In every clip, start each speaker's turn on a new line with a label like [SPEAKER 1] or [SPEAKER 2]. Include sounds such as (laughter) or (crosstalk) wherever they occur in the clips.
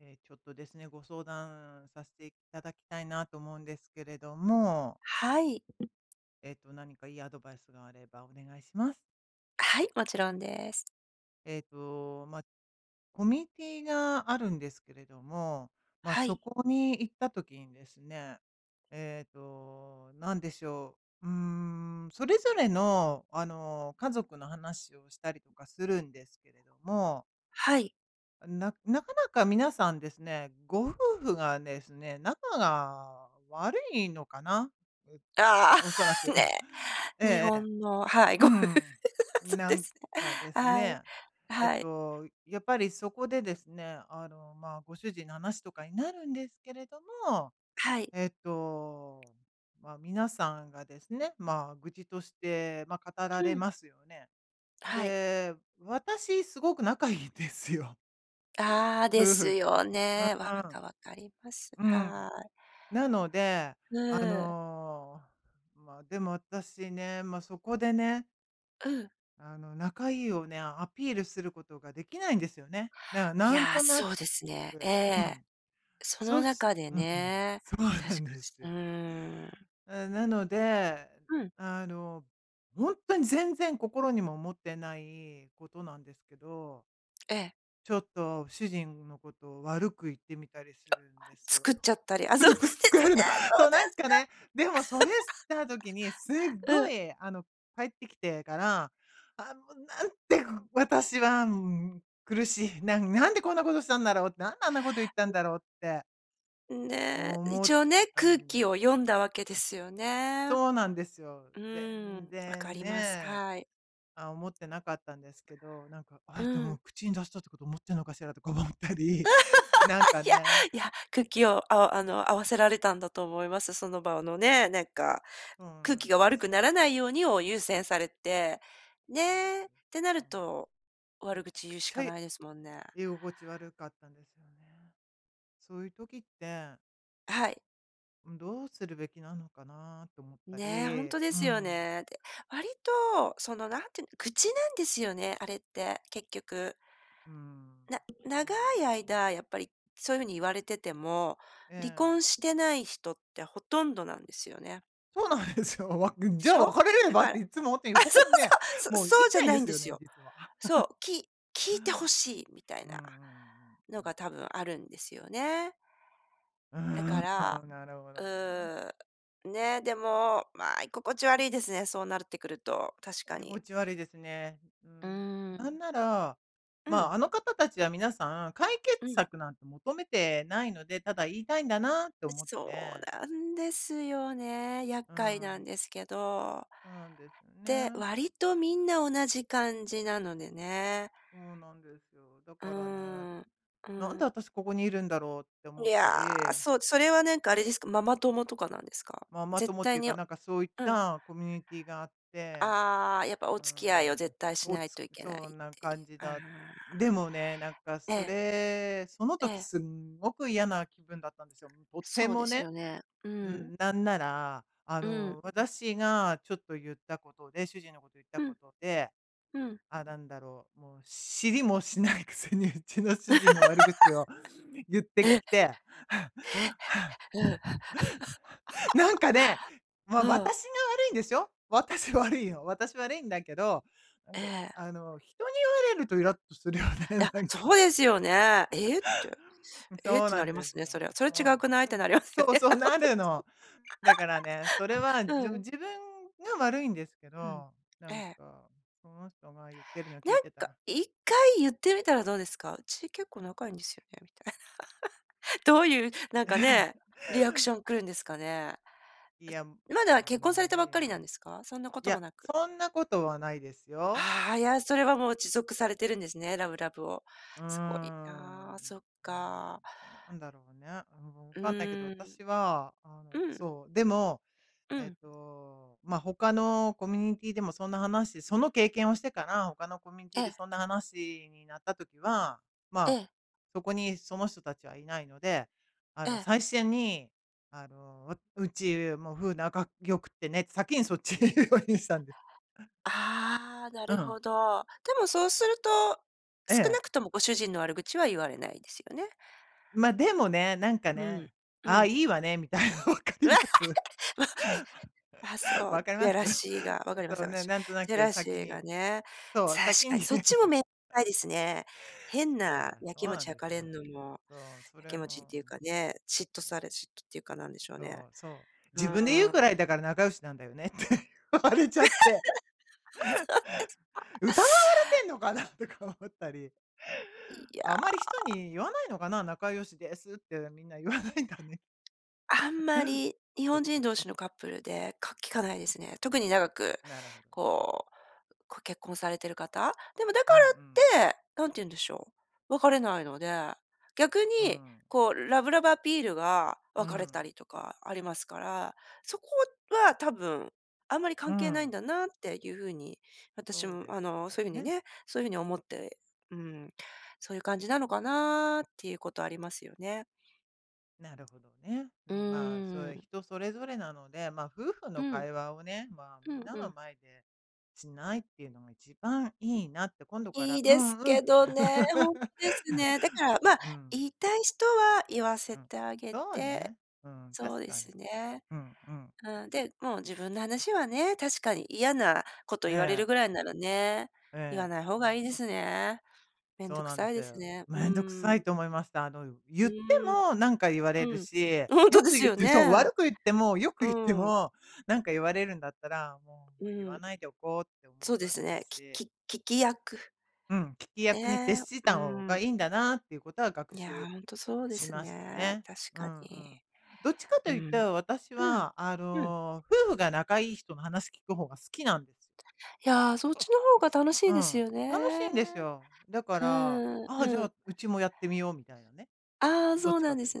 [SPEAKER 1] ええ、ちょっとですね、ご相談させていただきたいなと思うんですけれども。
[SPEAKER 2] はい。
[SPEAKER 1] えっと、何かいいアドバイスがあればお願いします。
[SPEAKER 2] はい、もちろんです。
[SPEAKER 1] ええと、ま、コミュニティがあるんですけれども、まあ、
[SPEAKER 2] は
[SPEAKER 1] そ
[SPEAKER 2] い。
[SPEAKER 1] こに行った時にですね、ええと、なんでしょう、うーん、それぞれの、あの、家族の話をしたりとかするんですけれども。
[SPEAKER 2] はい。
[SPEAKER 1] ななかなか皆さんですね、ご夫婦がですね、仲が悪いのかな、
[SPEAKER 2] あ
[SPEAKER 1] おそら
[SPEAKER 2] あ、(laughs)
[SPEAKER 1] く。(chuckles)
[SPEAKER 2] ね、
[SPEAKER 1] え
[SPEAKER 2] 日
[SPEAKER 1] えええ、
[SPEAKER 2] 本のはい、
[SPEAKER 1] う
[SPEAKER 2] ご夫婦、
[SPEAKER 1] ん。
[SPEAKER 2] そう
[SPEAKER 1] な
[SPEAKER 2] で
[SPEAKER 1] ん
[SPEAKER 2] す。
[SPEAKER 1] かです
[SPEAKER 2] はい。
[SPEAKER 1] ね、えっ
[SPEAKER 2] はい。
[SPEAKER 1] と、やっぱりそこでですね、あの、まあ、ご主人の話とかになるんですけれども、
[SPEAKER 2] はい。
[SPEAKER 1] えっと、ま、皆さんがですね、まあ愚痴として、ま、語ら
[SPEAKER 2] う
[SPEAKER 1] れ
[SPEAKER 2] ん。
[SPEAKER 1] ますよね。
[SPEAKER 2] はい。
[SPEAKER 1] で、私すごく仲いんですよ
[SPEAKER 2] ああ、で
[SPEAKER 1] 夫
[SPEAKER 2] す
[SPEAKER 1] 婦。
[SPEAKER 2] よ
[SPEAKER 1] う
[SPEAKER 2] ね、分
[SPEAKER 1] ーん。
[SPEAKER 2] か分かります、
[SPEAKER 1] う
[SPEAKER 2] は
[SPEAKER 1] ん。
[SPEAKER 2] い。
[SPEAKER 1] なので、あ
[SPEAKER 2] ね。
[SPEAKER 1] の、まあ、でも私ね、まそこでね。
[SPEAKER 2] うん。
[SPEAKER 1] あの、仲いいをね、アピールすることができないんですよね。だから
[SPEAKER 2] い
[SPEAKER 1] なん
[SPEAKER 2] や、
[SPEAKER 1] となく、
[SPEAKER 2] そうですね、え
[SPEAKER 1] う
[SPEAKER 2] え、
[SPEAKER 1] ん。
[SPEAKER 2] その
[SPEAKER 1] そし
[SPEAKER 2] 中で
[SPEAKER 1] うーん。
[SPEAKER 2] ね
[SPEAKER 1] そう
[SPEAKER 2] 確
[SPEAKER 1] な
[SPEAKER 2] か
[SPEAKER 1] んで
[SPEAKER 2] ち、
[SPEAKER 1] す
[SPEAKER 2] う
[SPEAKER 1] よ。
[SPEAKER 2] ーん。
[SPEAKER 1] う、なので、
[SPEAKER 2] うん。
[SPEAKER 1] あの、ほんとに全然心にも思ってないことなんですけど
[SPEAKER 2] ええ。
[SPEAKER 1] ちょっと主人のことを悪く言ってみたりするんですよ。
[SPEAKER 2] 作っちゃったり、あ、そうなんで
[SPEAKER 1] (unintelligible) 使え
[SPEAKER 2] す
[SPEAKER 1] る
[SPEAKER 2] ね。
[SPEAKER 1] の。
[SPEAKER 2] そう
[SPEAKER 1] そう、
[SPEAKER 2] で
[SPEAKER 1] なん
[SPEAKER 2] す
[SPEAKER 1] かね、でもそれした時に、すっ
[SPEAKER 2] か。(laughs) う
[SPEAKER 1] ご
[SPEAKER 2] ん。
[SPEAKER 1] いあの、帰ってきてから、あ、もうなんて私は苦しいななんでこんなことしたんだろうって、なんであんなこと言ったんだろうって
[SPEAKER 2] うん、ね、
[SPEAKER 1] 思っ
[SPEAKER 2] 一応
[SPEAKER 1] て
[SPEAKER 2] ね、
[SPEAKER 1] た
[SPEAKER 2] 空
[SPEAKER 1] んです。
[SPEAKER 2] 気を読んだわけですよね。
[SPEAKER 1] そう
[SPEAKER 2] う
[SPEAKER 1] なんですよ。
[SPEAKER 2] ーん、
[SPEAKER 1] 全
[SPEAKER 2] 分か
[SPEAKER 1] 然
[SPEAKER 2] ります、
[SPEAKER 1] ね。
[SPEAKER 2] はい。
[SPEAKER 1] あ、思ってなかったんですけど、なんか、
[SPEAKER 2] う
[SPEAKER 1] あ、で
[SPEAKER 2] ん。
[SPEAKER 1] も口に出したってこと、思ってんのかしらとか思ったり、なんか
[SPEAKER 2] (laughs) いや、
[SPEAKER 1] ね。
[SPEAKER 2] いや、空気をあおあの合わせられたんだと思います、その場をのね。なんか、
[SPEAKER 1] そう
[SPEAKER 2] 空
[SPEAKER 1] な
[SPEAKER 2] 気
[SPEAKER 1] ん
[SPEAKER 2] が
[SPEAKER 1] で
[SPEAKER 2] 悪く
[SPEAKER 1] す
[SPEAKER 2] な
[SPEAKER 1] よ。
[SPEAKER 2] らないようにを優先されて、
[SPEAKER 1] そうなんで。
[SPEAKER 2] ね、てな
[SPEAKER 1] う
[SPEAKER 2] る
[SPEAKER 1] ん。
[SPEAKER 2] と、
[SPEAKER 1] め
[SPEAKER 2] 悪
[SPEAKER 1] ちゃ
[SPEAKER 2] 口
[SPEAKER 1] く
[SPEAKER 2] 言うし
[SPEAKER 1] ち
[SPEAKER 2] か
[SPEAKER 1] ゃ、
[SPEAKER 2] ないですもんね。
[SPEAKER 1] 居心地悪かったんですよね。そういう時って
[SPEAKER 2] あ、はい。
[SPEAKER 1] うん、どうするべきなのかなって思った
[SPEAKER 2] ね、ほん
[SPEAKER 1] り。
[SPEAKER 2] とで
[SPEAKER 1] う
[SPEAKER 2] すよ
[SPEAKER 1] ん。
[SPEAKER 2] ね。で、割と、そのなんていうん愚痴なんですよね、あれって、結局。
[SPEAKER 1] うん、
[SPEAKER 2] な
[SPEAKER 1] そ
[SPEAKER 2] 長
[SPEAKER 1] うなん
[SPEAKER 2] い
[SPEAKER 1] ですね。
[SPEAKER 2] 間やっぱりそういうふうに言われてても、
[SPEAKER 1] え
[SPEAKER 2] 離
[SPEAKER 1] え。
[SPEAKER 2] 婚してない人ってほとんどなんですよね。
[SPEAKER 1] そうなんですよ。わっぐん
[SPEAKER 2] で
[SPEAKER 1] じゃ
[SPEAKER 2] し
[SPEAKER 1] あ
[SPEAKER 2] ょ？
[SPEAKER 1] 別れれ
[SPEAKER 2] だ
[SPEAKER 1] ばっ
[SPEAKER 2] から
[SPEAKER 1] て、いっつもって
[SPEAKER 2] あ、
[SPEAKER 1] 横
[SPEAKER 2] そ
[SPEAKER 1] か
[SPEAKER 2] う
[SPEAKER 1] らね、
[SPEAKER 2] そう、
[SPEAKER 1] もう
[SPEAKER 2] そ
[SPEAKER 1] 言
[SPEAKER 2] そう
[SPEAKER 1] い
[SPEAKER 2] じゃ
[SPEAKER 1] たいん
[SPEAKER 2] な
[SPEAKER 1] で
[SPEAKER 2] いん
[SPEAKER 1] す
[SPEAKER 2] で
[SPEAKER 1] よ
[SPEAKER 2] す
[SPEAKER 1] ね、
[SPEAKER 2] よ。
[SPEAKER 1] 実は。
[SPEAKER 2] そ
[SPEAKER 1] (chuckles)
[SPEAKER 2] う、き聞いて欲しいみたい
[SPEAKER 1] うんう
[SPEAKER 2] な、
[SPEAKER 1] んうんう
[SPEAKER 2] の
[SPEAKER 1] ん。
[SPEAKER 2] が多分あるんですよね。
[SPEAKER 1] う
[SPEAKER 2] だか
[SPEAKER 1] ん、
[SPEAKER 2] ら、
[SPEAKER 1] なるほどね。
[SPEAKER 2] うん、
[SPEAKER 1] え。
[SPEAKER 2] ね、でも、まあ、居心地悪いですね、そうなるってくると、確か
[SPEAKER 1] い
[SPEAKER 2] に。
[SPEAKER 1] ごち悪いですね。う
[SPEAKER 2] う
[SPEAKER 1] ん。な
[SPEAKER 2] ん。
[SPEAKER 1] んなら、
[SPEAKER 2] う
[SPEAKER 1] ま
[SPEAKER 2] ん。
[SPEAKER 1] あ、あの方たちは皆さん、解決
[SPEAKER 2] うん。
[SPEAKER 1] 策なんて求めてないので、ただ言いたいんだなって
[SPEAKER 2] え、
[SPEAKER 1] 思っ
[SPEAKER 2] そう
[SPEAKER 1] て。
[SPEAKER 2] なんですよね、厄
[SPEAKER 1] う
[SPEAKER 2] 介な
[SPEAKER 1] ん。
[SPEAKER 2] んですけど。
[SPEAKER 1] そうなんですよ
[SPEAKER 2] で、
[SPEAKER 1] ね。
[SPEAKER 2] 割とみんな同じ感じなのでね。
[SPEAKER 1] そうなんですよ。だ
[SPEAKER 2] う
[SPEAKER 1] からね、
[SPEAKER 2] ーん、う
[SPEAKER 1] なん
[SPEAKER 2] ん。
[SPEAKER 1] で私ここにいるんだろうって
[SPEAKER 2] い
[SPEAKER 1] 思った
[SPEAKER 2] や、
[SPEAKER 1] り。
[SPEAKER 2] そうそれはなんかあれですか、ママ友とかなんですか？
[SPEAKER 1] ママ
[SPEAKER 2] 絶
[SPEAKER 1] 友って
[SPEAKER 2] 対
[SPEAKER 1] いう
[SPEAKER 2] に
[SPEAKER 1] か、
[SPEAKER 2] を
[SPEAKER 1] なんかそういっ
[SPEAKER 2] うん。
[SPEAKER 1] たコミュニティーがあって。
[SPEAKER 2] ああ、やっぱお
[SPEAKER 1] う
[SPEAKER 2] 付き合いを
[SPEAKER 1] ん。
[SPEAKER 2] 絶対し
[SPEAKER 1] お
[SPEAKER 2] ない
[SPEAKER 1] つ
[SPEAKER 2] といけないっ
[SPEAKER 1] そんな
[SPEAKER 2] てい
[SPEAKER 1] 感じ
[SPEAKER 2] う、ああ。
[SPEAKER 1] だでもね、なんか
[SPEAKER 2] え
[SPEAKER 1] そ
[SPEAKER 2] え。
[SPEAKER 1] れ、その
[SPEAKER 2] え
[SPEAKER 1] 時
[SPEAKER 2] え。
[SPEAKER 1] すんごく嫌な気分だったんですよ、とて
[SPEAKER 2] そうで
[SPEAKER 1] も
[SPEAKER 2] す
[SPEAKER 1] ね。
[SPEAKER 2] よね、う
[SPEAKER 1] う
[SPEAKER 2] ん。
[SPEAKER 1] ん、なんなら、あ
[SPEAKER 2] うん。
[SPEAKER 1] の、私がちょっと言ったことで、主人のこと言った
[SPEAKER 2] う
[SPEAKER 1] こ
[SPEAKER 2] ん。
[SPEAKER 1] とで、
[SPEAKER 2] うん。
[SPEAKER 1] あ、なんだろう、もう知りもしないくせにうちの主人の悪口を言っ
[SPEAKER 2] (laughs)
[SPEAKER 1] て
[SPEAKER 2] え。
[SPEAKER 1] き
[SPEAKER 2] へえ。
[SPEAKER 1] て (laughs) (laughs) なんかね、ま、
[SPEAKER 2] うん。うん。
[SPEAKER 1] 私
[SPEAKER 2] (chuckles)
[SPEAKER 1] が悪いんですよ。私悪いんよ。私悪いんだけど、なん
[SPEAKER 2] え
[SPEAKER 1] か
[SPEAKER 2] え。
[SPEAKER 1] あの、人に言われるとイラっとするよね、
[SPEAKER 2] いや、
[SPEAKER 1] なんか。
[SPEAKER 2] そうですよね。えって。
[SPEAKER 1] (laughs) うん、
[SPEAKER 2] えっ
[SPEAKER 1] そう
[SPEAKER 2] て
[SPEAKER 1] な
[SPEAKER 2] な
[SPEAKER 1] ん
[SPEAKER 2] りま
[SPEAKER 1] で
[SPEAKER 2] す
[SPEAKER 1] す
[SPEAKER 2] ね、
[SPEAKER 1] よ。
[SPEAKER 2] それは。それ
[SPEAKER 1] そう
[SPEAKER 2] 違
[SPEAKER 1] なの。
[SPEAKER 2] くない？ってなります
[SPEAKER 1] そ
[SPEAKER 2] よ
[SPEAKER 1] う
[SPEAKER 2] ね。いや、
[SPEAKER 1] そう、
[SPEAKER 2] ほん
[SPEAKER 1] な
[SPEAKER 2] と
[SPEAKER 1] るの。だからね、それは
[SPEAKER 2] です。
[SPEAKER 1] で
[SPEAKER 2] (laughs)
[SPEAKER 1] も
[SPEAKER 2] うん。
[SPEAKER 1] 自分が悪いんですけ
[SPEAKER 2] うん。
[SPEAKER 1] ど、な
[SPEAKER 2] え
[SPEAKER 1] ん
[SPEAKER 2] え。
[SPEAKER 1] か、その人が言ってるの聞
[SPEAKER 2] な
[SPEAKER 1] い
[SPEAKER 2] ん
[SPEAKER 1] てた
[SPEAKER 2] か、
[SPEAKER 1] ら
[SPEAKER 2] 一回言ってみたらどうですか？うち結構仲いいんですよね、みたいな。(laughs) どういう、なんかね、リアクション来るんですかね。
[SPEAKER 1] いや、うん、
[SPEAKER 2] まだ結婚
[SPEAKER 1] ま
[SPEAKER 2] さ
[SPEAKER 1] あ
[SPEAKER 2] れた
[SPEAKER 1] い
[SPEAKER 2] ば
[SPEAKER 1] い
[SPEAKER 2] っか
[SPEAKER 1] や。
[SPEAKER 2] りなんですか？そんなこ
[SPEAKER 1] い
[SPEAKER 2] とも
[SPEAKER 1] や、
[SPEAKER 2] なく。
[SPEAKER 1] そんなことはないですよ。
[SPEAKER 2] ああ、いや、それはもう持続されてるんですね、ラブラブを、
[SPEAKER 1] うー
[SPEAKER 2] すごいな、
[SPEAKER 1] ん。
[SPEAKER 2] そっか。
[SPEAKER 1] なうん、なんだろうね。うん、もう分
[SPEAKER 2] う
[SPEAKER 1] かんないけど、
[SPEAKER 2] ん。
[SPEAKER 1] 私はあ
[SPEAKER 2] う
[SPEAKER 1] の
[SPEAKER 2] ん。
[SPEAKER 1] そう、でも、
[SPEAKER 2] う
[SPEAKER 1] えっ
[SPEAKER 2] ん。
[SPEAKER 1] と、ま、他のコミュニティーでもそんな話その経験をしてから、他のコミュニティ
[SPEAKER 2] え
[SPEAKER 1] ーで
[SPEAKER 2] え。
[SPEAKER 1] そんな話になった時は、ま
[SPEAKER 2] え
[SPEAKER 1] あ、
[SPEAKER 2] え。
[SPEAKER 1] そこにその人たちはいないので、あ
[SPEAKER 2] え
[SPEAKER 1] の、
[SPEAKER 2] え。
[SPEAKER 1] 最初に、あの、わうちもう夫婦仲良くてねって先にそっちにいうようにしたんです。
[SPEAKER 2] ああ、な
[SPEAKER 1] う
[SPEAKER 2] る
[SPEAKER 1] ん。
[SPEAKER 2] ほど。でもそうすると、
[SPEAKER 1] え
[SPEAKER 2] 少
[SPEAKER 1] え。
[SPEAKER 2] なくともご主人の悪口は言われないですよね。
[SPEAKER 1] ま、でもね、なんか
[SPEAKER 2] うん、
[SPEAKER 1] ね、
[SPEAKER 2] う
[SPEAKER 1] ああ、
[SPEAKER 2] ん。
[SPEAKER 1] いいわねみたいな。分かります？
[SPEAKER 2] (laughs) ま。あ、そ
[SPEAKER 1] 分
[SPEAKER 2] う、
[SPEAKER 1] かりま
[SPEAKER 2] や
[SPEAKER 1] す？
[SPEAKER 2] らしいが、分
[SPEAKER 1] え、
[SPEAKER 2] かりま
[SPEAKER 1] そ
[SPEAKER 2] す、
[SPEAKER 1] うね、
[SPEAKER 2] 私。
[SPEAKER 1] なんとな
[SPEAKER 2] ジェ
[SPEAKER 1] く
[SPEAKER 2] ラシ
[SPEAKER 1] 先
[SPEAKER 2] ーが
[SPEAKER 1] に
[SPEAKER 2] ね、
[SPEAKER 1] そう、
[SPEAKER 2] 確
[SPEAKER 1] 先
[SPEAKER 2] か
[SPEAKER 1] に。
[SPEAKER 2] に。
[SPEAKER 1] そ
[SPEAKER 2] そっちもめさ
[SPEAKER 1] う。
[SPEAKER 2] いですね。変
[SPEAKER 1] そう
[SPEAKER 2] な
[SPEAKER 1] だ、
[SPEAKER 2] や
[SPEAKER 1] そう
[SPEAKER 2] きも
[SPEAKER 1] な
[SPEAKER 2] ち
[SPEAKER 1] んで
[SPEAKER 2] 焼
[SPEAKER 1] す
[SPEAKER 2] か
[SPEAKER 1] よ。
[SPEAKER 2] れんのも、
[SPEAKER 1] そう、そ
[SPEAKER 2] やき
[SPEAKER 1] れ
[SPEAKER 2] もちっ
[SPEAKER 1] も、
[SPEAKER 2] てい
[SPEAKER 1] う
[SPEAKER 2] うか
[SPEAKER 1] ん。
[SPEAKER 2] ね、嫉妬
[SPEAKER 1] そう。
[SPEAKER 2] され嫉妬っていうかなんでしょう
[SPEAKER 1] そ
[SPEAKER 2] ね。
[SPEAKER 1] うそう。
[SPEAKER 2] う
[SPEAKER 1] 自分で言うくら
[SPEAKER 2] ん。
[SPEAKER 1] いだから仲良しなんだよねって言われ
[SPEAKER 2] (laughs) あ、そうで
[SPEAKER 1] ちゃって。
[SPEAKER 2] すか。
[SPEAKER 1] 疑われてんのかなとか思ったり。
[SPEAKER 2] いや。
[SPEAKER 1] あんまり人に言わないのかな、仲良しですってみんな言わないんだね。
[SPEAKER 2] あん
[SPEAKER 1] (laughs)
[SPEAKER 2] まり日
[SPEAKER 1] そっ
[SPEAKER 2] 本人
[SPEAKER 1] か。
[SPEAKER 2] 同士のカップルでか聞かないですね。特に長く、
[SPEAKER 1] なるほどね。
[SPEAKER 2] こうこう結婚されてる方。でもだ
[SPEAKER 1] う
[SPEAKER 2] か
[SPEAKER 1] んうん。
[SPEAKER 2] らって、何て言うんでしょう、別れないので、逆
[SPEAKER 1] う
[SPEAKER 2] に、
[SPEAKER 1] ん。
[SPEAKER 2] こうラブラブアピールが
[SPEAKER 1] う
[SPEAKER 2] 別れた
[SPEAKER 1] ん。
[SPEAKER 2] りとかありますから、そこは多分、あんまり
[SPEAKER 1] ふ
[SPEAKER 2] 関係ないん
[SPEAKER 1] ん。
[SPEAKER 2] だなっていう風に、私
[SPEAKER 1] そう
[SPEAKER 2] も
[SPEAKER 1] です
[SPEAKER 2] あの、そう
[SPEAKER 1] か
[SPEAKER 2] いう風に
[SPEAKER 1] ね。
[SPEAKER 2] ねそういう風に思って、うん、そういう感じなのかなっていうことありますよね。
[SPEAKER 1] なるほどね。あ
[SPEAKER 2] う
[SPEAKER 1] の、まあ、それ
[SPEAKER 2] ん。
[SPEAKER 1] 人それぞれなので、ま、夫婦
[SPEAKER 2] う
[SPEAKER 1] の
[SPEAKER 2] ん。
[SPEAKER 1] 会話をね、まあ
[SPEAKER 2] う
[SPEAKER 1] みん
[SPEAKER 2] ん
[SPEAKER 1] な
[SPEAKER 2] う
[SPEAKER 1] の
[SPEAKER 2] ん。
[SPEAKER 1] 前で、しないっていうのが一番いいなって、今度から
[SPEAKER 2] いい
[SPEAKER 1] う
[SPEAKER 2] です
[SPEAKER 1] んう
[SPEAKER 2] け
[SPEAKER 1] ん。
[SPEAKER 2] どね、ほんですね。だから、
[SPEAKER 1] (laughs)
[SPEAKER 2] ま、
[SPEAKER 1] うん。
[SPEAKER 2] 言いたい人は言わ
[SPEAKER 1] う
[SPEAKER 2] せ
[SPEAKER 1] ん、
[SPEAKER 2] てあげ
[SPEAKER 1] そう
[SPEAKER 2] て、
[SPEAKER 1] ね。うん、
[SPEAKER 2] そう
[SPEAKER 1] 確
[SPEAKER 2] で
[SPEAKER 1] かに。
[SPEAKER 2] すね。
[SPEAKER 1] うん、うん。
[SPEAKER 2] うん、で、もう自分の話はね、確かに嫌なこと言われ
[SPEAKER 1] え
[SPEAKER 2] る
[SPEAKER 1] え。
[SPEAKER 2] ぐらいならね、
[SPEAKER 1] え
[SPEAKER 2] 言わ
[SPEAKER 1] え。
[SPEAKER 2] ない方がいいですね。面
[SPEAKER 1] そ
[SPEAKER 2] 倒
[SPEAKER 1] う
[SPEAKER 2] く
[SPEAKER 1] なんで
[SPEAKER 2] さい
[SPEAKER 1] す
[SPEAKER 2] です
[SPEAKER 1] よ。
[SPEAKER 2] ね。う
[SPEAKER 1] めんどくさい
[SPEAKER 2] ん。
[SPEAKER 1] と思いました。あの、う言
[SPEAKER 2] う
[SPEAKER 1] って
[SPEAKER 2] ん。
[SPEAKER 1] もなんか言われ
[SPEAKER 2] う
[SPEAKER 1] る
[SPEAKER 2] ん。
[SPEAKER 1] し、
[SPEAKER 2] あ、ほんと
[SPEAKER 1] 良
[SPEAKER 2] で
[SPEAKER 1] く
[SPEAKER 2] す
[SPEAKER 1] 言っ
[SPEAKER 2] よ
[SPEAKER 1] てそう、
[SPEAKER 2] ね。
[SPEAKER 1] 悪く言っても、良く
[SPEAKER 2] う
[SPEAKER 1] 言って
[SPEAKER 2] ん。
[SPEAKER 1] も、なんか言われるんだったら、も
[SPEAKER 2] う
[SPEAKER 1] う言わ
[SPEAKER 2] ん。
[SPEAKER 1] ないでおこうって思
[SPEAKER 2] そ
[SPEAKER 1] い
[SPEAKER 2] うで
[SPEAKER 1] まし
[SPEAKER 2] す
[SPEAKER 1] た
[SPEAKER 2] ね、
[SPEAKER 1] し。
[SPEAKER 2] きき聞き役。
[SPEAKER 1] うん、聞き役に徹
[SPEAKER 2] え、
[SPEAKER 1] し
[SPEAKER 2] う
[SPEAKER 1] た方が
[SPEAKER 2] ん。
[SPEAKER 1] いいんだなっていうことは学
[SPEAKER 2] いや、
[SPEAKER 1] 習
[SPEAKER 2] ほんとそうで
[SPEAKER 1] し
[SPEAKER 2] す
[SPEAKER 1] ました
[SPEAKER 2] ね、
[SPEAKER 1] ね。
[SPEAKER 2] 確
[SPEAKER 1] う
[SPEAKER 2] か
[SPEAKER 1] んう
[SPEAKER 2] に。
[SPEAKER 1] ん。どっちかと
[SPEAKER 2] うん。
[SPEAKER 1] 言っ
[SPEAKER 2] う
[SPEAKER 1] たら、私はあ
[SPEAKER 2] ん。うん。
[SPEAKER 1] の、夫婦が仲良い人の話聞く方が好きなんです。
[SPEAKER 2] いや、そっちの方が楽し
[SPEAKER 1] う
[SPEAKER 2] いです
[SPEAKER 1] ん、
[SPEAKER 2] よ
[SPEAKER 1] 楽し
[SPEAKER 2] ね。
[SPEAKER 1] いんですよ。だか
[SPEAKER 2] う
[SPEAKER 1] ら、
[SPEAKER 2] ーん、
[SPEAKER 1] ああじゃ
[SPEAKER 2] うん。
[SPEAKER 1] あ、うちもやってみようみたいなね。
[SPEAKER 2] あ、
[SPEAKER 1] どっ
[SPEAKER 2] そう
[SPEAKER 1] ち
[SPEAKER 2] な
[SPEAKER 1] か
[SPEAKER 2] んで
[SPEAKER 1] というと。
[SPEAKER 2] す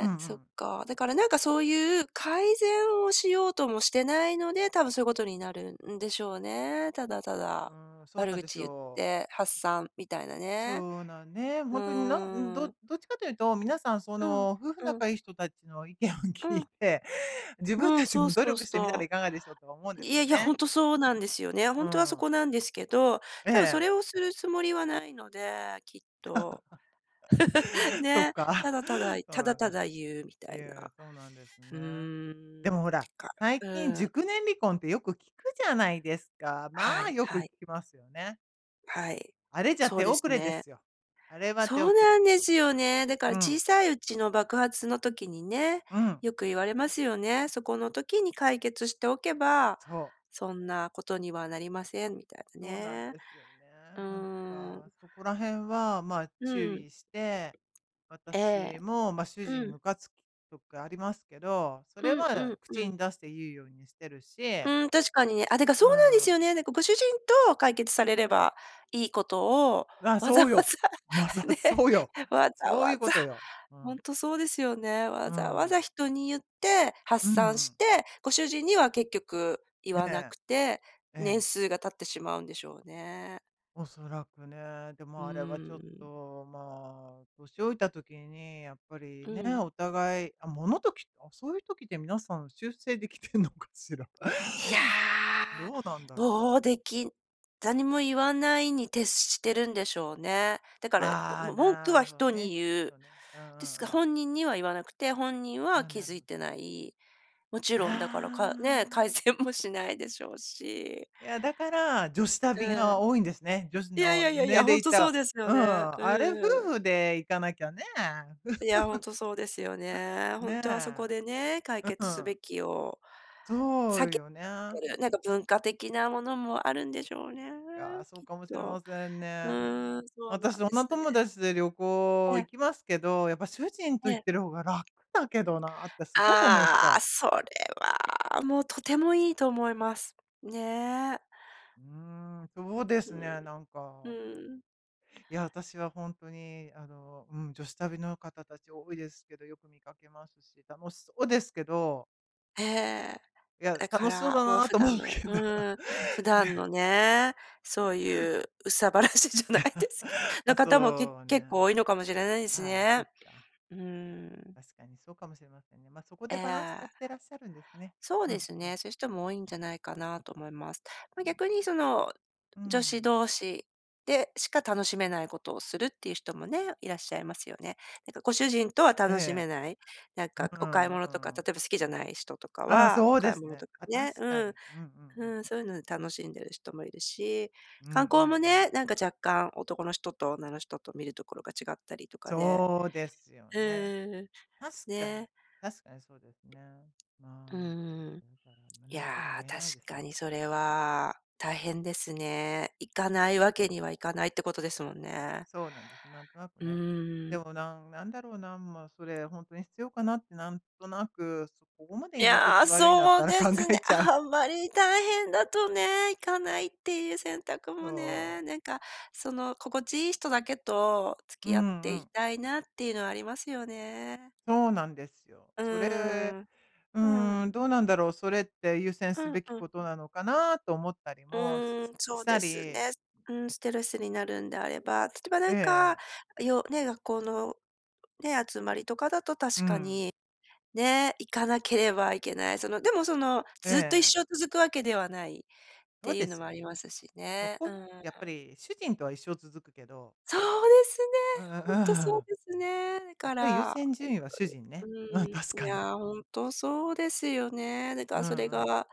[SPEAKER 1] うんう
[SPEAKER 2] そっ
[SPEAKER 1] ん。
[SPEAKER 2] か、だからなんかそういう改善をしようともしてないので、多分そういうことになるんでしょうね。ただた
[SPEAKER 1] う
[SPEAKER 2] だ、
[SPEAKER 1] ーん、そう
[SPEAKER 2] 悪
[SPEAKER 1] なんです
[SPEAKER 2] 口言っ
[SPEAKER 1] よ。
[SPEAKER 2] て発散みたいなね。
[SPEAKER 1] そうなんね、ほ
[SPEAKER 2] う
[SPEAKER 1] んとになんど
[SPEAKER 2] ん。
[SPEAKER 1] どっちかというと、皆さんそ
[SPEAKER 2] うん、
[SPEAKER 1] の、夫婦
[SPEAKER 2] うん。
[SPEAKER 1] 仲いい人たちの意見を
[SPEAKER 2] う
[SPEAKER 1] 聞い
[SPEAKER 2] ん。
[SPEAKER 1] て、自分
[SPEAKER 2] うん、
[SPEAKER 1] たち
[SPEAKER 2] そう
[SPEAKER 1] も努
[SPEAKER 2] そう
[SPEAKER 1] 力してみたら
[SPEAKER 2] そ
[SPEAKER 1] いかがでしょうとは思うんで
[SPEAKER 2] う。い
[SPEAKER 1] す
[SPEAKER 2] や
[SPEAKER 1] よ
[SPEAKER 2] いや、ほ
[SPEAKER 1] ね。
[SPEAKER 2] んとそうなんですよね。ほ
[SPEAKER 1] う
[SPEAKER 2] んとはそ
[SPEAKER 1] ん。
[SPEAKER 2] こなんですけど、
[SPEAKER 1] え
[SPEAKER 2] 多分そ
[SPEAKER 1] え。
[SPEAKER 2] れをするつもりはないので、きっと。(laughs)
[SPEAKER 1] (laughs) そっ
[SPEAKER 2] ね、た
[SPEAKER 1] か。
[SPEAKER 2] だただ言
[SPEAKER 1] そう
[SPEAKER 2] ただ
[SPEAKER 1] なんだ。
[SPEAKER 2] ただ言うみた
[SPEAKER 1] い
[SPEAKER 2] い
[SPEAKER 1] や、
[SPEAKER 2] な、
[SPEAKER 1] そうなんです
[SPEAKER 2] う
[SPEAKER 1] ね。で
[SPEAKER 2] ん、
[SPEAKER 1] もほら、
[SPEAKER 2] か
[SPEAKER 1] 最
[SPEAKER 2] う
[SPEAKER 1] 近
[SPEAKER 2] ん。
[SPEAKER 1] 熟年離婚ってよく聞くじゃないですか。
[SPEAKER 2] は
[SPEAKER 1] まあ
[SPEAKER 2] い
[SPEAKER 1] よく
[SPEAKER 2] はい。
[SPEAKER 1] 聞きますよね。
[SPEAKER 2] はい、
[SPEAKER 1] あれじゃ
[SPEAKER 2] そう
[SPEAKER 1] 手
[SPEAKER 2] で
[SPEAKER 1] 遅
[SPEAKER 2] す
[SPEAKER 1] れで
[SPEAKER 2] ね。
[SPEAKER 1] すよ。あれは手
[SPEAKER 2] そう
[SPEAKER 1] 遅れ。
[SPEAKER 2] なんですよね。だから
[SPEAKER 1] う
[SPEAKER 2] 小
[SPEAKER 1] ん。
[SPEAKER 2] さいうちの爆発の時にね、
[SPEAKER 1] うん。
[SPEAKER 2] よく言われますよね、そこの時に解決しておけば、
[SPEAKER 1] そう。
[SPEAKER 2] そんなことにはなりませんみたいな
[SPEAKER 1] そうなん
[SPEAKER 2] ね。
[SPEAKER 1] ですよ
[SPEAKER 2] う
[SPEAKER 1] ね。なん
[SPEAKER 2] ー
[SPEAKER 1] か、
[SPEAKER 2] ん。
[SPEAKER 1] そこら辺は、まあ、注
[SPEAKER 2] うん。
[SPEAKER 1] 意して、
[SPEAKER 2] ええ。
[SPEAKER 1] 私も、まあ、主人
[SPEAKER 2] う
[SPEAKER 1] に
[SPEAKER 2] ん。
[SPEAKER 1] むかつくときありますけど、そ
[SPEAKER 2] う
[SPEAKER 1] れ
[SPEAKER 2] んう
[SPEAKER 1] は
[SPEAKER 2] んう
[SPEAKER 1] 口
[SPEAKER 2] ん。
[SPEAKER 1] に出して言うようにしてる
[SPEAKER 2] う
[SPEAKER 1] し
[SPEAKER 2] ーん、確かにね。あ、だかそ
[SPEAKER 1] う
[SPEAKER 2] うなんですよ
[SPEAKER 1] ん。
[SPEAKER 2] ね。なんか、ご主人と解決されればいいことを、
[SPEAKER 1] わ、
[SPEAKER 2] わざ
[SPEAKER 1] そ
[SPEAKER 2] わ
[SPEAKER 1] うよ。まさ
[SPEAKER 2] ざ、ね、
[SPEAKER 1] そうよ、
[SPEAKER 2] わざ
[SPEAKER 1] そうい
[SPEAKER 2] わ
[SPEAKER 1] うこ
[SPEAKER 2] ざ、
[SPEAKER 1] とよ。う
[SPEAKER 2] ほ
[SPEAKER 1] ん。
[SPEAKER 2] んとそうですよね。
[SPEAKER 1] う
[SPEAKER 2] わざわ
[SPEAKER 1] ん。
[SPEAKER 2] ざ人に言って
[SPEAKER 1] う
[SPEAKER 2] 発
[SPEAKER 1] んう
[SPEAKER 2] 散
[SPEAKER 1] ん。
[SPEAKER 2] して、ご主人には結局、言
[SPEAKER 1] え
[SPEAKER 2] わな
[SPEAKER 1] え。
[SPEAKER 2] くて、
[SPEAKER 1] え
[SPEAKER 2] 年
[SPEAKER 1] え。
[SPEAKER 2] 数が経ってしまうんでしょうね。
[SPEAKER 1] おそらくね、で
[SPEAKER 2] うー
[SPEAKER 1] も、あれはちょっ
[SPEAKER 2] ん。
[SPEAKER 1] と、まあ、年老いた時に、やっぱり、
[SPEAKER 2] う
[SPEAKER 1] ね、
[SPEAKER 2] ん。
[SPEAKER 1] お互いあ、ものとき、あ、そういう時って皆さん修正できてんのかしら。
[SPEAKER 2] いやあ。
[SPEAKER 1] どうなんだろう。
[SPEAKER 2] もう、できなんにも言わないに徹してるんでしょうね。だから、こ
[SPEAKER 1] あ
[SPEAKER 2] う
[SPEAKER 1] あ、
[SPEAKER 2] も文句
[SPEAKER 1] な
[SPEAKER 2] は
[SPEAKER 1] るほ
[SPEAKER 2] 人に
[SPEAKER 1] ね、きっ
[SPEAKER 2] 言う。
[SPEAKER 1] とね。うんう
[SPEAKER 2] ですが、
[SPEAKER 1] んうん。
[SPEAKER 2] 本人には言わなくて、本人
[SPEAKER 1] あ
[SPEAKER 2] は
[SPEAKER 1] あ、
[SPEAKER 2] 気
[SPEAKER 1] なる
[SPEAKER 2] づ
[SPEAKER 1] ほ
[SPEAKER 2] い
[SPEAKER 1] ど。
[SPEAKER 2] てない。もち
[SPEAKER 1] あ
[SPEAKER 2] ろんだから、かね、改
[SPEAKER 1] あ。
[SPEAKER 2] 善もしないでしょうし。
[SPEAKER 1] いや、だから、女子旅
[SPEAKER 2] う
[SPEAKER 1] が
[SPEAKER 2] ん。
[SPEAKER 1] 多いんですね。女子
[SPEAKER 2] いやい
[SPEAKER 1] の、
[SPEAKER 2] やいやい
[SPEAKER 1] 年
[SPEAKER 2] や、ほ
[SPEAKER 1] 齢
[SPEAKER 2] ん
[SPEAKER 1] いっ
[SPEAKER 2] とそう
[SPEAKER 1] た
[SPEAKER 2] です
[SPEAKER 1] う
[SPEAKER 2] よね、
[SPEAKER 1] ん。あれ夫
[SPEAKER 2] うん。
[SPEAKER 1] 婦で行かなきゃね。
[SPEAKER 2] いや、ほん
[SPEAKER 1] (chuckles)
[SPEAKER 2] とそうですよね、ほんとはそ
[SPEAKER 1] ね。
[SPEAKER 2] こでね、解
[SPEAKER 1] う
[SPEAKER 2] 決す
[SPEAKER 1] ん。
[SPEAKER 2] べきを
[SPEAKER 1] そ
[SPEAKER 2] 避
[SPEAKER 1] う
[SPEAKER 2] けち
[SPEAKER 1] よ
[SPEAKER 2] ゃっ
[SPEAKER 1] ね。
[SPEAKER 2] てる。なんか文化的なものもあるんでしょうね、
[SPEAKER 1] いやあ、そう
[SPEAKER 2] きっ
[SPEAKER 1] かもしれ
[SPEAKER 2] と。
[SPEAKER 1] ません
[SPEAKER 2] う
[SPEAKER 1] ね。
[SPEAKER 2] ーん、そうな
[SPEAKER 1] 私、
[SPEAKER 2] んで
[SPEAKER 1] 女
[SPEAKER 2] すね。
[SPEAKER 1] 友達で旅行、
[SPEAKER 2] え
[SPEAKER 1] 行
[SPEAKER 2] え。
[SPEAKER 1] きますけど、やっぱ主人と
[SPEAKER 2] え
[SPEAKER 1] 行っ
[SPEAKER 2] え。
[SPEAKER 1] てる方が楽だけどなってすごく思っち
[SPEAKER 2] あ
[SPEAKER 1] ゃ
[SPEAKER 2] あ、
[SPEAKER 1] う。
[SPEAKER 2] それは、もう、とてもいいと思います。ね。
[SPEAKER 1] う
[SPEAKER 2] ん、うーん、
[SPEAKER 1] ーん、そうですね、なん
[SPEAKER 2] う
[SPEAKER 1] か。
[SPEAKER 2] ーん。
[SPEAKER 1] いや、私はほんとに、あの、うん、女子旅の方たち多いですけど、よく見かけますし、楽しそうですけど
[SPEAKER 2] へえ、
[SPEAKER 1] いや、
[SPEAKER 2] だか
[SPEAKER 1] 楽しそう
[SPEAKER 2] ら
[SPEAKER 1] だ
[SPEAKER 2] もう
[SPEAKER 1] な
[SPEAKER 2] 普
[SPEAKER 1] と
[SPEAKER 2] 段
[SPEAKER 1] 思う
[SPEAKER 2] の
[SPEAKER 1] けど、
[SPEAKER 2] うん、普段
[SPEAKER 1] ね。
[SPEAKER 2] のね、
[SPEAKER 1] (laughs)
[SPEAKER 2] そういう憂さ晴らしじゃない
[SPEAKER 1] (chuckles)
[SPEAKER 2] ですけ
[SPEAKER 1] あ、
[SPEAKER 2] の方もけ
[SPEAKER 1] そう
[SPEAKER 2] 結
[SPEAKER 1] ね。
[SPEAKER 2] 構多いのかもしれないです
[SPEAKER 1] ああ、そ
[SPEAKER 2] ね。
[SPEAKER 1] っか。
[SPEAKER 2] うん。
[SPEAKER 1] 確かにそうかもしれませんね。まあ、そこ
[SPEAKER 2] え
[SPEAKER 1] でバランスと
[SPEAKER 2] え。
[SPEAKER 1] ってらっしゃるんですね。
[SPEAKER 2] そう
[SPEAKER 1] う
[SPEAKER 2] で
[SPEAKER 1] ん
[SPEAKER 2] す
[SPEAKER 1] うん。
[SPEAKER 2] ね、そういう人も多いんじゃないかなと思います。ま、逆にその、
[SPEAKER 1] う
[SPEAKER 2] 女子
[SPEAKER 1] ん。
[SPEAKER 2] 同士でしか楽しめないことをするっていう人もね、いらっしゃいますよね。なんかご主人とは
[SPEAKER 1] え
[SPEAKER 2] 楽し
[SPEAKER 1] え。
[SPEAKER 2] めない、なんか
[SPEAKER 1] う
[SPEAKER 2] お買い
[SPEAKER 1] んう
[SPEAKER 2] 物とか、例
[SPEAKER 1] ん。
[SPEAKER 2] えば好きじゃない人とか
[SPEAKER 1] ああ、
[SPEAKER 2] は、
[SPEAKER 1] そ
[SPEAKER 2] お
[SPEAKER 1] うで
[SPEAKER 2] 買い
[SPEAKER 1] す
[SPEAKER 2] 物
[SPEAKER 1] ね。
[SPEAKER 2] とか
[SPEAKER 1] あ、確
[SPEAKER 2] ね、
[SPEAKER 1] か
[SPEAKER 2] う
[SPEAKER 1] に。
[SPEAKER 2] ん。
[SPEAKER 1] うんうんう
[SPEAKER 2] う
[SPEAKER 1] ん。
[SPEAKER 2] ん、そういうので楽しんでる人もいるし、
[SPEAKER 1] うんうんう
[SPEAKER 2] 観光も
[SPEAKER 1] ん。
[SPEAKER 2] ね、なんか若干、男の人と女の人と見るところが違ったりとかで、
[SPEAKER 1] そうですよ
[SPEAKER 2] うん
[SPEAKER 1] ね。
[SPEAKER 2] う
[SPEAKER 1] 確
[SPEAKER 2] ん、
[SPEAKER 1] かに、
[SPEAKER 2] ね。
[SPEAKER 1] 確かにそうですね。
[SPEAKER 2] う
[SPEAKER 1] ま
[SPEAKER 2] ーん、
[SPEAKER 1] あ、ね、だから、ま、
[SPEAKER 2] い
[SPEAKER 1] 何
[SPEAKER 2] や、
[SPEAKER 1] とも言え
[SPEAKER 2] 確
[SPEAKER 1] ないですね。
[SPEAKER 2] かにそれは、大変ですね。行かないわけにはいかないってことですもんね。
[SPEAKER 1] そうなんです、なんとなく
[SPEAKER 2] う
[SPEAKER 1] ね。
[SPEAKER 2] ー
[SPEAKER 1] で
[SPEAKER 2] ん。
[SPEAKER 1] もなんなんだろうな、まあそれ本当に必要かなってなんとなく、そう、ここまで
[SPEAKER 2] い
[SPEAKER 1] 居心
[SPEAKER 2] や、
[SPEAKER 1] 地悪いんだっ
[SPEAKER 2] そ
[SPEAKER 1] た
[SPEAKER 2] う
[SPEAKER 1] ら
[SPEAKER 2] で
[SPEAKER 1] 考
[SPEAKER 2] すね。
[SPEAKER 1] えちゃう。
[SPEAKER 2] あんまり大変だとね、行かないっていう選択も
[SPEAKER 1] そ
[SPEAKER 2] ね、
[SPEAKER 1] う。
[SPEAKER 2] なんか、その心地いい人だけと
[SPEAKER 1] う
[SPEAKER 2] 付き合っ
[SPEAKER 1] ん
[SPEAKER 2] て
[SPEAKER 1] う
[SPEAKER 2] い
[SPEAKER 1] ん。
[SPEAKER 2] たいなっていうのはありますよね。
[SPEAKER 1] そうなんですよ。
[SPEAKER 2] う
[SPEAKER 1] それ、
[SPEAKER 2] ーん、
[SPEAKER 1] う
[SPEAKER 2] うん。
[SPEAKER 1] ーん、どうなんだろう、それって優先す
[SPEAKER 2] うん
[SPEAKER 1] べき
[SPEAKER 2] うん。
[SPEAKER 1] ことなのかなと思ったり
[SPEAKER 2] う
[SPEAKER 1] もし
[SPEAKER 2] ーん、そ
[SPEAKER 1] し
[SPEAKER 2] う
[SPEAKER 1] た
[SPEAKER 2] です
[SPEAKER 1] り。
[SPEAKER 2] ね。うん、ストレスになるんであれば、例えばな
[SPEAKER 1] ええ
[SPEAKER 2] んか、
[SPEAKER 1] ええ。
[SPEAKER 2] よね、学校の、ね、集まりとかだと
[SPEAKER 1] う
[SPEAKER 2] 確か
[SPEAKER 1] ん。
[SPEAKER 2] に、ね、行かなければいけない、その、でもその、
[SPEAKER 1] え
[SPEAKER 2] ずっと一
[SPEAKER 1] ええ。
[SPEAKER 2] 生続くわけではないっ
[SPEAKER 1] そう
[SPEAKER 2] ていう
[SPEAKER 1] で
[SPEAKER 2] の
[SPEAKER 1] す
[SPEAKER 2] も
[SPEAKER 1] よ
[SPEAKER 2] あり
[SPEAKER 1] ね。
[SPEAKER 2] ますし
[SPEAKER 1] そ
[SPEAKER 2] ね。
[SPEAKER 1] こ
[SPEAKER 2] う
[SPEAKER 1] ね、
[SPEAKER 2] ん。
[SPEAKER 1] やっぱり主人とは一生続くけど。
[SPEAKER 2] そうですね、
[SPEAKER 1] あああ
[SPEAKER 2] 本当そう
[SPEAKER 1] あ。
[SPEAKER 2] ですね。だ
[SPEAKER 1] やっ
[SPEAKER 2] か
[SPEAKER 1] ぱり優
[SPEAKER 2] ら、
[SPEAKER 1] 先順位は主人ね。
[SPEAKER 2] 本当
[SPEAKER 1] うん、
[SPEAKER 2] に、
[SPEAKER 1] 確
[SPEAKER 2] うん、い
[SPEAKER 1] かに。
[SPEAKER 2] や、本当そうですよね。だか
[SPEAKER 1] うん
[SPEAKER 2] らそれ
[SPEAKER 1] うん。
[SPEAKER 2] が、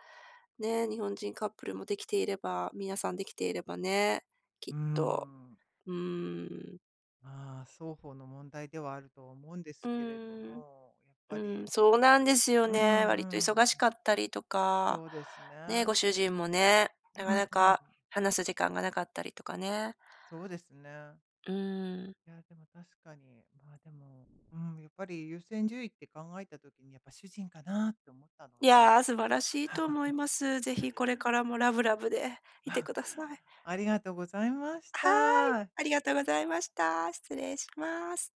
[SPEAKER 2] ね、日本人カップルもできていれば、皆さんできていればね、き
[SPEAKER 1] う
[SPEAKER 2] っ
[SPEAKER 1] ー
[SPEAKER 2] と、
[SPEAKER 1] ん。
[SPEAKER 2] うん。
[SPEAKER 1] ああ、双方の問題ではあるとは思うんで
[SPEAKER 2] う
[SPEAKER 1] すけれど
[SPEAKER 2] ーん、
[SPEAKER 1] も、やっ
[SPEAKER 2] う
[SPEAKER 1] ぱり、
[SPEAKER 2] ん、そうなんですよ
[SPEAKER 1] うん
[SPEAKER 2] ね。割と
[SPEAKER 1] う
[SPEAKER 2] 忙し
[SPEAKER 1] ん。
[SPEAKER 2] かったりとか、
[SPEAKER 1] そうです
[SPEAKER 2] ね、ご
[SPEAKER 1] ね。
[SPEAKER 2] 主人もね、
[SPEAKER 1] う
[SPEAKER 2] なか
[SPEAKER 1] ん
[SPEAKER 2] な
[SPEAKER 1] うん。
[SPEAKER 2] か話す時間がなかったりとかね。
[SPEAKER 1] そうですね。
[SPEAKER 2] うーん。
[SPEAKER 1] いや、でも確かに、まあでも、うーん、やっぱり優先順位って考えた時に、やっぱ主人かなって思ったの
[SPEAKER 2] い
[SPEAKER 1] で。
[SPEAKER 2] や、素晴らしいと思い
[SPEAKER 1] (chuckles)
[SPEAKER 2] ます。是非これからもラブラブでいて
[SPEAKER 1] (chuckles)
[SPEAKER 2] ください。
[SPEAKER 1] ありがとうございまし
[SPEAKER 2] はい、
[SPEAKER 1] た。
[SPEAKER 2] ありがとうございました。失礼します。